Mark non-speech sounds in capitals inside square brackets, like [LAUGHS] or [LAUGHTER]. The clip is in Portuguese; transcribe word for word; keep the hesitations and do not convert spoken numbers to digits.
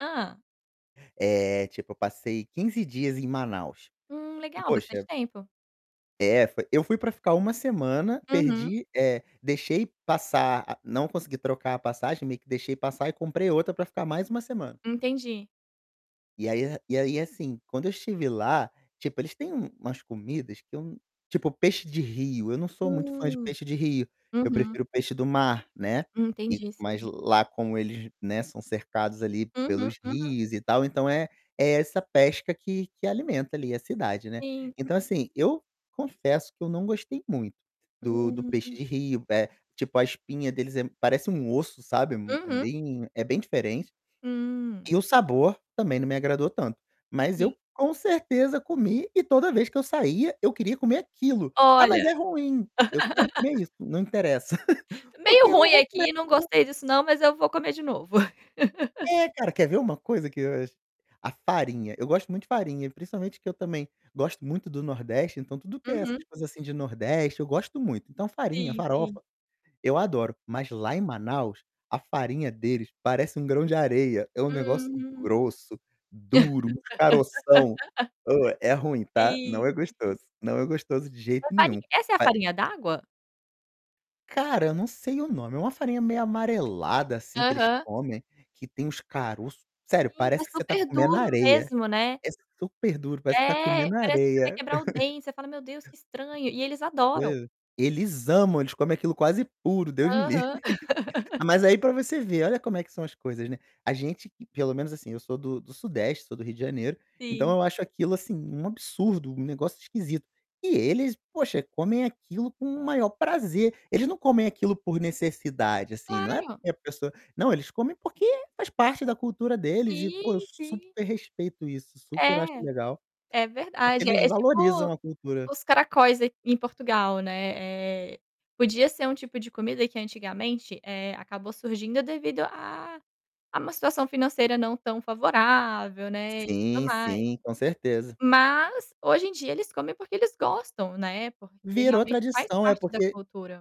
Hã? Eh, tipo eu passei quinze dias em Manaus. Hum, E legal, bastante poxa tempo. É, foi eu fui para ficar uma semana, Uhum. perdi eh, deixei passar a não consegui trocar a passagem, meio que deixei passar e comprei outra para ficar mais uma semana. Entendi. E aí e aí assim, quando eu estive lá, tipo eles têm umas comidas que eu tipo peixe de rio, eu não sou muito fã de Hum, peixe de rio, eu aham. prefiro peixe do mar, né. E, Entendi, mas sim. lá como eles, né, são cercados ali, Uhum, pelos uhum. rios e tal então é é essa pesca que que alimenta ali a cidade, né. Sim. Então assim, eu confesso que eu não gostei muito do do peixe Hum. de rio, é tipo a espinha deles é parece um osso, sabe, hum é Uhum. bem é bem diferente, Hum. e o sabor também não me agradou tanto, mas Sim. eu com certeza comi e toda vez que eu saía eu queria comer aquilo. "Ah, mas Olha! é ruim. 'Eu quero comer [LAUGHS] isso, não interessa'", [LAUGHS] porque Meio eu não ruim vou aqui, não [UNINTELLIGIBLE] gostei disso não mas eu vou comer de novo. [LAUGHS] É cara, quer ver uma coisa que eu acho? A farinha, eu gosto muito de farinha e principalmente que eu também gosto muito do nordeste, então tudo que é essas Uhum. coisas assim de nordeste eu gosto muito. Então farinha, Sim, sim. farofa, eu adoro, mas lá em Manaus, a farinha deles parece um grão de areia, é um negócio Hum, grosso, duro, uns caroção. [LAUGHS] Oh, é ruim, tá. Sim, Não é sim. gostoso, não é gostoso de A jeito nenhum. farinha Essa é a Pa farinha d'água? Cara, não sei o nome, é uma farinha meio amarelada assim que eles Aham. comem, que tem uns caroço, sério, Sim, é parece que você está super comendo duro areia, mesmo, né. é super duro, parece você está É, comendo parece que você vai areia. quebrar o [CHUCKLES] dente, você fala: "Meu Deus, que estranho" e eles adoram. Eles amam, eles comem aquilo quase puro, Deus me livre. Aham. [LAUGHS] [LAUGHS] Mas aí para você ver, olha como é que são as coisas, né, a gente que pelo menos assim, eu sou do do sudeste, sou do Rio de Janeiro, então Sim. eu acho aquilo assim um absurdo, um negócio esquisito. E eles, poxa, comem aquilo com o maior prazer, eles não comem aquilo por necessidade assim, não é Claro. porque a pessoa, não, comem porque faz parte da cultura deles e pô, eu Sim, sim. super respeito isso, super É, acho legal, é porque verdade, eles é valorizam tipo, a cultura. os caracóis aqui em Portugal, né. Eh, podia ser um tipo de comida que antigamente, eh, acabou surgindo devido a a uma situação financeira não tão favorável, né, e tudo Sim, mais. sim, com certeza. Mas, hoje em dia eles comem porque eles gostam, né, porque Virou realmente faz tradição, é parte da porque cultura.